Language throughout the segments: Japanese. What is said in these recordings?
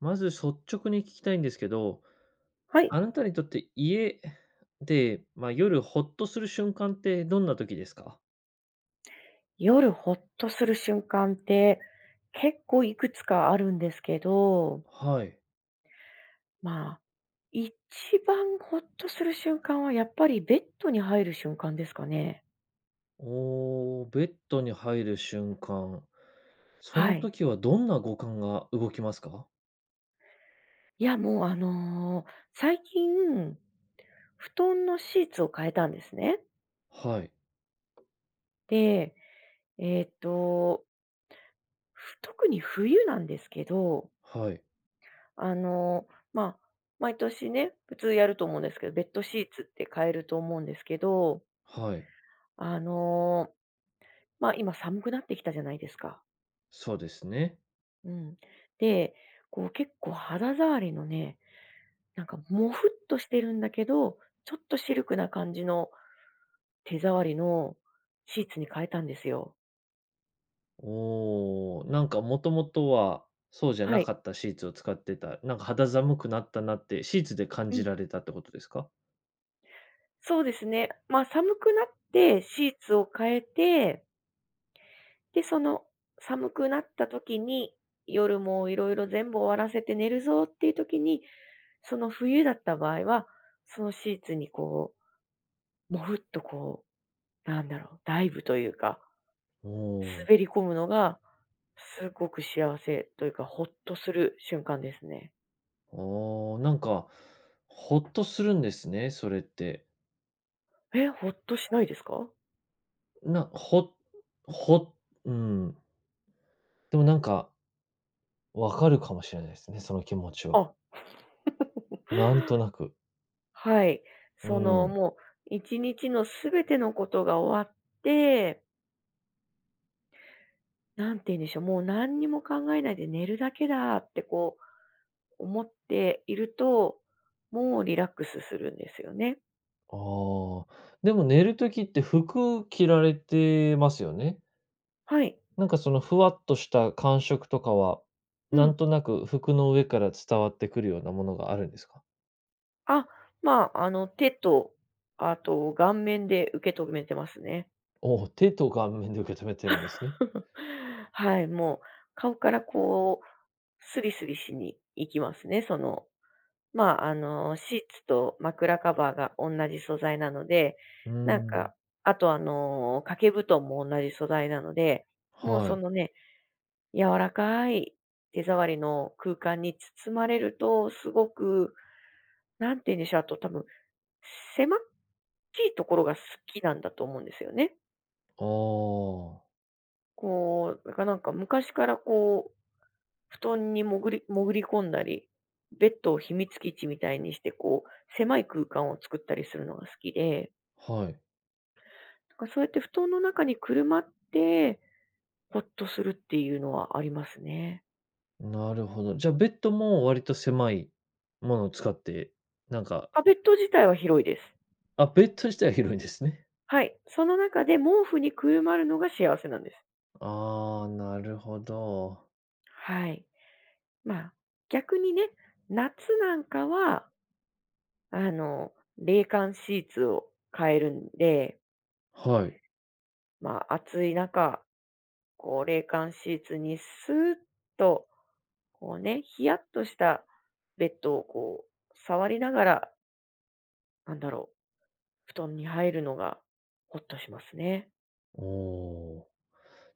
まず率直に聞きたいんですけど、はい。あなたにとって家で、ま、夜ほっとする瞬間ってどんな時ですか？夜ほっとする瞬間って、結構幾つかあるんですけどはい。まあ、一番ほっとする瞬間は、やっぱりベッドに入る瞬間ですかね。おお。ベッドに入る瞬間。そはのい。時はどんな五感が動きますか？いや、もうあの最近、布団のシーツを替えたんですね。はい。で、えっとふ特に冬なんですけどはい。あの、まあ、毎年ね、普通やると思うんですけど、ベッドシーツって替えると思うんですけどはい。あの、ま、今寒くなってきたじゃないですか。そうですね。うん。で、こう結構肌触りのね、なんかもふっとしてるんだけど、ちょっとシルクな感じの手触りのシーツに替えたんですよ。おお、なんかもともとはそうじゃはない。かったシーツを使ってた、なんか肌寒くなったなって、シーツで感うじん。られたってことですか？そうですね。ま、寒くなって、シーツを変えてで、その寒くなった時に、夜もいろいろ全部終わらせて寝るぞっていう時に、その冬だった場合は、そのシーツにこう、も、ふっとこう、何だろう、ダイブというかおお。滑り込むのが、すごく幸せというか、ほっとする瞬間ですね。おお、なんか、ほっとするんですね、それって。え、ほっとしないですか？な、ほほ、うん。でもなんか分かるかもしれないですね、その気持ちは。あ。なんとなく。はい、うそのん。もう1日の全てのことが終わってなんて言うんでしょう、もう何にも考えないで寝るだけだってこう思っていると、もうリラックスするんですよね。あ、でも寝る時って服着られてますよね。はい。なんかそのふわっとした感触とかは、うなん。んとなく服の上から伝わってくるようなものがあるんですか？あ、まあ、あの手とあと顔面で受け止めてますね。おお、手と顔面で受け止めてるんですね。はい、もう、顔からこう、スリスリしに行きますね。その。まあ、あのシーツと枕カバーがおんなじ素材なので、うーなんかん。あと、あの、掛け布団もおんなじ素材なので、もうはそい。のね、柔らかい手触りの空間に包まれると、すごく何て言うんでしょう、あと、多分狭っちいところが好きなんだと思うんですよね。ああ。こう、だからなんか昔からこう布団に潜り潜り込んだり、ベッドを秘密基地みたいにしてこう、狭い空間を作ったりするのが好きではい。なんかそうやって布団の中にくるまって、ほっとするっていうのはありますね。なるほど、じゃ、ベッドも割と狭いものを使って、なんかあ、ベッド自体は広いです。あ、ベッド自体は広いんですね。はい、その中で毛布にくるまるのが幸せなんです。ああ、なるほど。はい。まあ、逆にね、夏なんかはあの、冷感シーツを変えるんではい。まあ、暑い中、こう冷感シーツにスッと、こうね、ひやっとしたベッドをこう触りながらなんだろう、布団に入るのがほっとしますね。おお、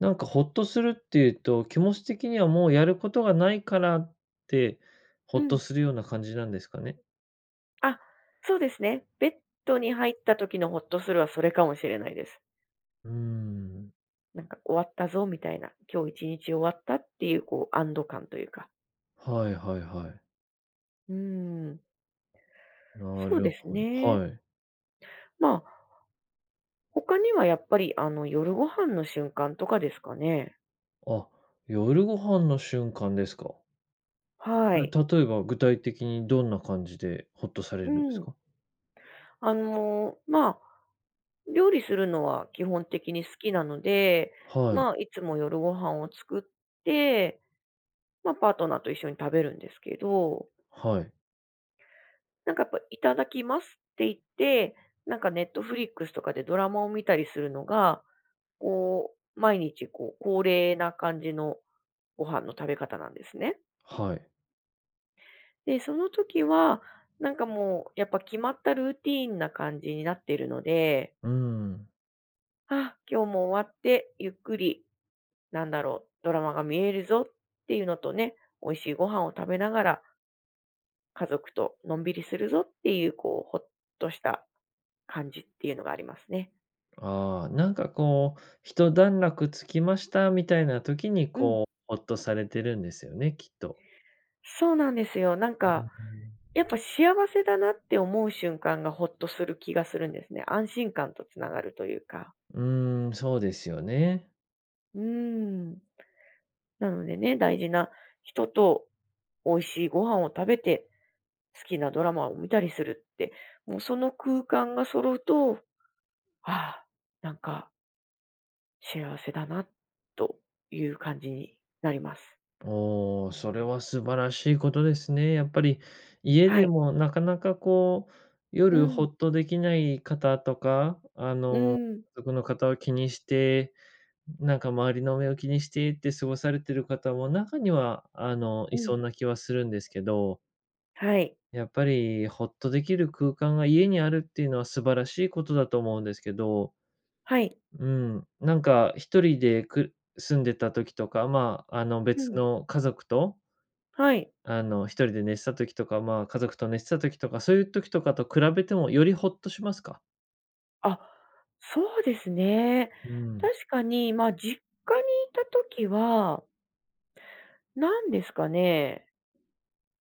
なんかほっとするっていうと、気持ち的にはもうやることがないからって、ほうっとん。するような感じなんですかね？あ、そうですね。ベッドに入った時のほっとするはそれかもしれないです。うーん。なんか終わったぞみたいな、今日1日終わったっていうこう安堵感というか。はいはいはい。うーん。なそうるですほど、ね。はい。ま、他にはやっぱりあの夜ご飯の瞬間とかですかね。あ、夜ご飯の瞬間ですか？はえ、い。例えば具体的にどんな感じでほっとされるうんですん。か？あの、ま、料理するのは基本的に好きなので、はい。ま、いつも夜ご飯を作って、ま、パートナーと一緒に食べるんですけど。はい。なんか、やっぱいただきますって言って、なんかネットフリックスとかでドラマを見たりするのが、こう毎日、こう、恒例な感じのご飯の食べ方なんですね。はい。で、その時はなんかもうやっぱ決まったルーティンな感じになってるのでうーん。あ、今日も終わってゆっくり、なんだろう、ドラマが見えるぞっていうのとね、美味しいご飯を食べながら家族とのんびりするぞっていう、こう、ほっとした感じっていうのがありますね。ああ、なんか、こう、一段落つきましたみたいな時に、うん。こう、ホッとされてるんですよね、きっと。そうなんですよ。なんうか、んうん。やっぱ、幸せだなって思う瞬間がホッとする気がするんですね。安心感と繋がるというか。うーん、そうですよね。うーん。なのでね、大事な人と美味しいご飯を食べて、好きなドラマを見たりするって、もう、その空間が揃うと、ああ、なんか幸せだなという感じになります。おお、それは素晴らしいことですね。やっぱり、家はでい。もなかなか、こう、う夜ん。ホッとできない方とか、あうの、ん。家族の方を気にして、なんか、周りの目を気にしてって過ごされている方も中には、あの、いうそん。うな気はするんですけど。はい。やっぱり、ホッとできる空間が家にあるっていうのは素晴らしいことだと思うんですけど。はい。うん、なんか、1人でく住んでた時とか、まあ、あの、う別ん。の家族とはい。あの、1人で寝てた時とか、まあ、家族と寝てた時とか、そういう時とかと比べてもよりホッとしますか？あ、そうですね。うん。確かに、まあ、実家にいた時は何ですかね？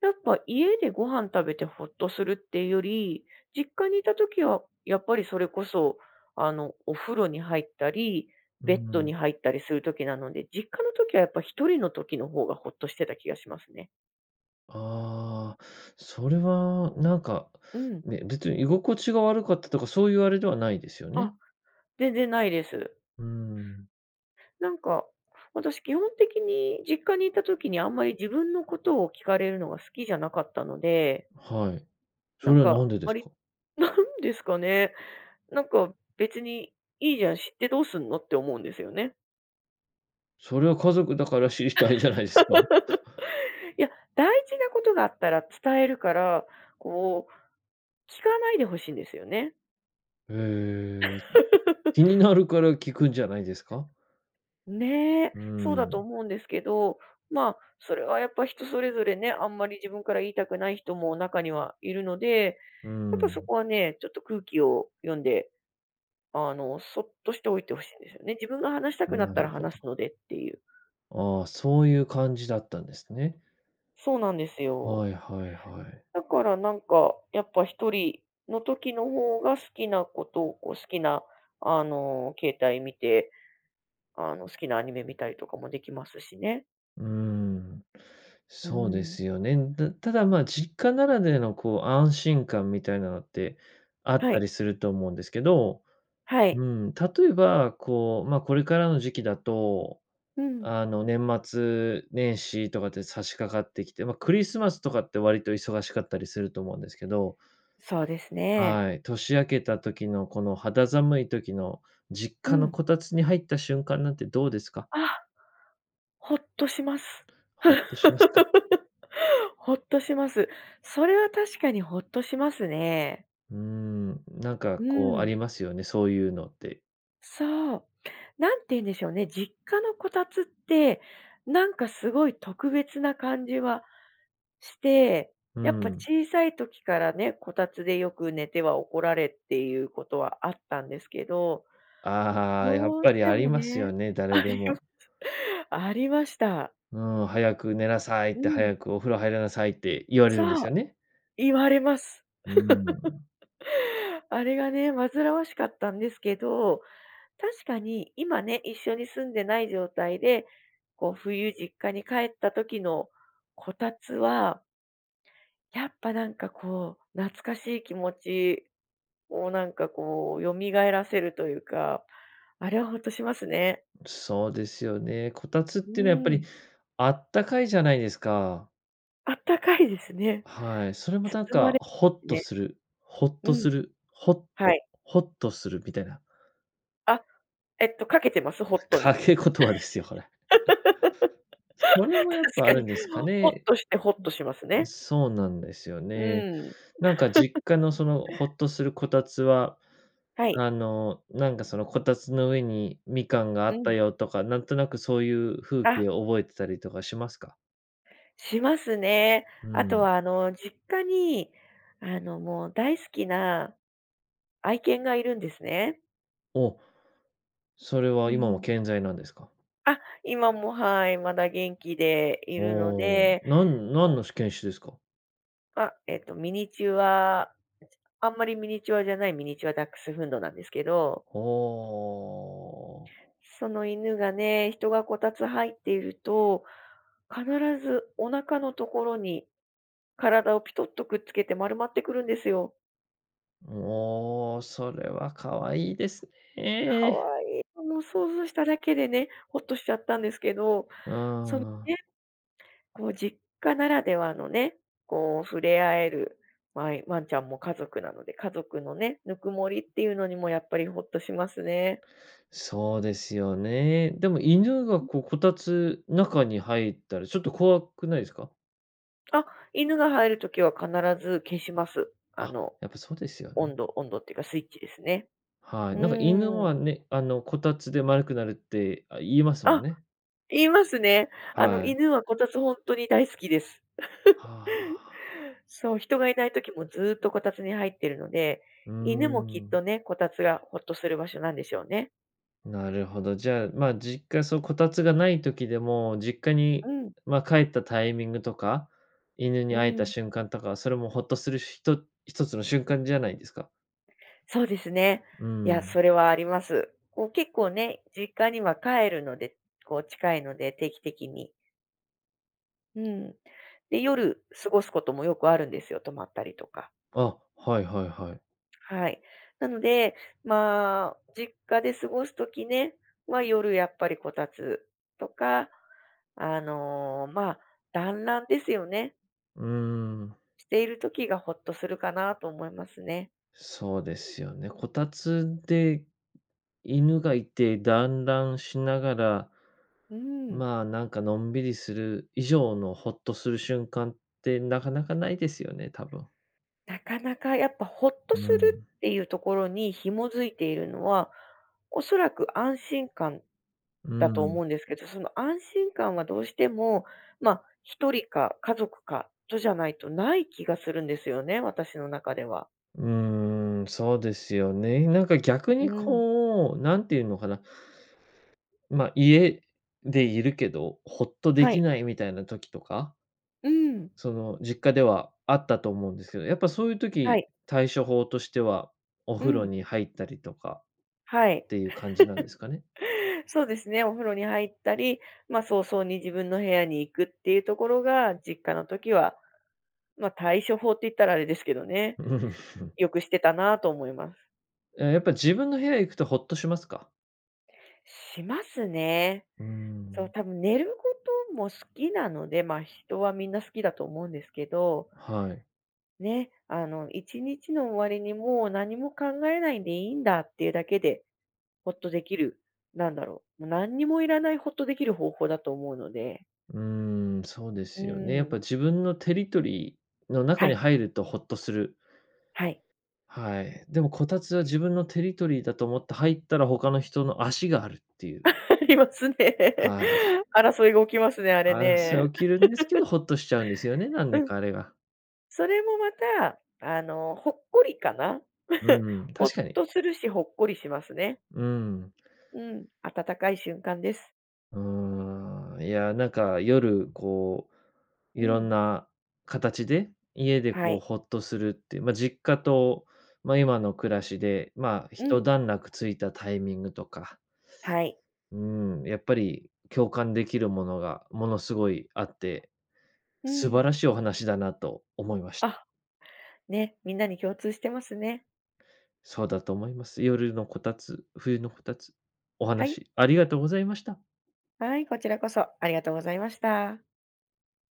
やっぱ家でご飯食べてほっとするっていうより、実家にいた時はやっぱりそれこそ、あの、お風呂に入ったり、うーベッドん。に入ったりする時なので、実家の時はやっぱ1人の時の方がほっとしてた気がしますね。ああ、それはなんか、うん。ね、別に居心地が悪かったとかそういうあれではないですよね。あ、全然ないです。うーん。なんか、私、基本的に実家にいた時にあんまり自分のことを聞かれるのが好きじゃなかったのではい。なそんれはか、何ででわすりか？なんですかね？なんか別にいいじゃん知ってどうすんのって思うんですよね。それは家族だから知りたいじゃないすか。いや、大事なことがあったら伝えるから、こう聞かないで欲しいんですよね。ええ、気に なるから聞くんじゃないですか？ね、うそうだとん。思うんですけど、まあ、それはやっぱ人それぞれね、あんまり自分から言いたくない人も中にはいるので、うやっぱそん。こはね、ちょっと空気を読んで、あのそっとしておいて欲しいんですよね。自分が話したうくなん、っあ、たならるほ話ど。すのでっていう。あ、そういう感じだったんですね。そうなんですよ。はいはいはい。だからなんかやっぱ1人の時の方が好きなことをこう好きなあの携帯見て、あの好きなアニメ見たりとかもできますしね。うーん。うーそうでん。すよねん。だただ、ま、実家ならでの、こう、安心感みたいなのってあっはたい。りすると思うんですけど、はうい。ん、例えば、こう、ま、これからの時期だと、うん。あの、年末年始とかって差し掛かってきて、ま、クリスマスとかって割と忙しかったりすると思うんですけど。そうですね。はい、年明けた時のこの肌寒い時の実う家のん。こたつに入った瞬間なんてどうですか？あ、ほっとします。ほっとしますか。ほっとします。それは確かにほっとしますね。うーん、なんか、うこう、ーあん。りますよね、そういうのって。そう。何て言うんでしょうね、実家のこたつってなんかすごい特別な感じはして、うやっぱん。小さい時からね、こたつでよく寝ては怒られっていうことはあったんですけど、ああ、やっどうぱしりてありもますねよね、誰あでりまも。す。ありました。うん、早く寝なさいっうて、ん。早くお風呂入りなさいって、言われるんでそう。すよね。言われます。うーん。あれがね、煩わしかったんですけど、確かに今ね、一緒に住んでない状態で、こう冬、実家に帰った時のこたつはやっぱなんかこう、懐かしい気持ちをなんかこう蘇らせるというか、あれはほっとしますね。そうですよね、こたつっうてのはやっぱーり、ん。あったかいじゃないですか。あったかいですね。はい、それもなん包まかれホットね。する、ほっうとん。する、ホッはト、い。ほっとするみたいな。あ、えっと、掛けてます？ホットに。掛け言葉ですよ、これ。確それもやっぱかあるに、んですかホッね。トしてほっとしますうね。そうなんですようね。ーん。なんか実 家のそのほっとするこたつは、はあい。の、なんかそのこたつの上にみかんがあうったん。よとか、なんとなくそういう風景あ。を覚えてたりとかしますか？しますね。うあとん。は、あの実家に、あのもう大好きな愛犬がいるんですね。おお。それうは今もん。健在なんですか？あ、今も、はい、まだ元気でいるのおお。で。何、何のし犬種ですか？あ、えっと、ミニチュアあんまりミニチュアじゃないミニチュアダックスフンドなんですけど。ほう。その犬がね、人がこたつ入っていると、必ずお腹のところに、体をピトッとくっつけて丸まってくるんですよ。おお、それは可愛いです可ね。愛い、もう想像しただけでね、ほっとしちゃったんですけど、うそのーん。ね、こう実家ならではのね、こう触れ合える、わいワンちゃんも家族なので、家族のね、ぬくもりっていうのにもやっぱりほっとしますね。そうですよね、でも犬が [unintelligible] こう、こたつ中に入ったら、ちょっと怖くないですか？あ、犬が入る時は必ず消します。ああ、の、やっぱそうですよね。温度温度っていうかスイッチですね。はい、うなんか犬ーん。はね、あのこたつで丸くなるって、あ、言いますもんあ、ね。言いますね。あのはい。犬はこたつ本当に大好きです。は あ。そう、人がいない時もずっとこたつに入ってるので、うー犬もきっん。とね、こたつがほっとする場所なんでしょうね。なるほど、じゃあ、まあ、実家そう、こたつがない時でも、実家うに、ん。ま、帰ったタイミングとか、犬にう会えたん。瞬間とか、それもほっとするひと一つの瞬間じゃないですか？そうですね。うーいや、そん。れはあります。こう結構ね、実家には帰るので、こう近いので定期的に。うん、で、夜過ごすこともよくあるんですよ、泊まったりとか。あ、はいはいはい。はい。なので、ま、実家で過ごす時ね、は、夜やっぱりこたつとか、あの、ま、団欒ですよね。うーん。している時がほっとするかなと思いますね。そうですよね、こたつで犬がいて、団欒しながら、うん。まあ、なんかのんびりする以上のほっとする瞬間ってなかなかないですよね、多分。なかなかやっぱほっとうするん。っていうところに紐づいているのは、おそらく安心感、うだと思ん。うんですけど、その安心感はどうしても、ま、1人か家族かとじゃないとない気がするんですよね、私の中では。うーん、そうですよね。なんか逆うにん。こう、何て言うのかな、ま、家でいるけど、ほっとではきい。ないみたいな時とかうん。その、実家ではあったと思うんですけど、やっぱそういうは時、い。対処法としては、おう風呂ん。に入ったりとかはい。っていう感じなんですかね。そうですね。お風呂に入ったり、ま、早々に自分の部屋に行くっていうところが実家の時は、ま、対処法って言ったらあれですけどね。よくしてたなと思います。え、やっぱ自分の部屋へ行くとほっとしますか？しますね。うーそう、ん。たぶん寝ることも好きなので、ま、人はみんな好きだと思うんですけど、はい。ね、あの1日の終わりにもう何も考えないでいいんだっていうだけで、ほっとできる、なんだろう、もう何にもいらないほっとできる方法だと思うので。うーん、そうでうすよね。やっーぱん。自分のテリトリーの中はにい。入るとほっとする。はい。はい、でもこたつは自分のテリトリーだと思って入ったら他の人の足があるってい う。ありますね。はい。争いが起きますね、あれ争ね。い起きるんですけど、ほっとしちゃうんですよね、何うでん。かあれが。それもまたあのほっこりかな？うん、ほっ確かに。とするし、ほっこりしますね。うん。うん、温かい瞬間です。うーん。いや、なんか夜こう、う色んん。な形で、家ではこうい。ほっとするっていう、まあ、実家と、まあ、今の暮らしで、まあ、ひうとん。段落ついたタイミングとかはい。うーん、やっぱり共感できるものがものすごいあって、う素ん。晴らしいお話だなと思いました。あ、ね、みんなに共通してますね。そうだと思います。夜のこたつ、冬のこたつ、おはい。話ありがとうございました。はい、こちらこそありがとうございました。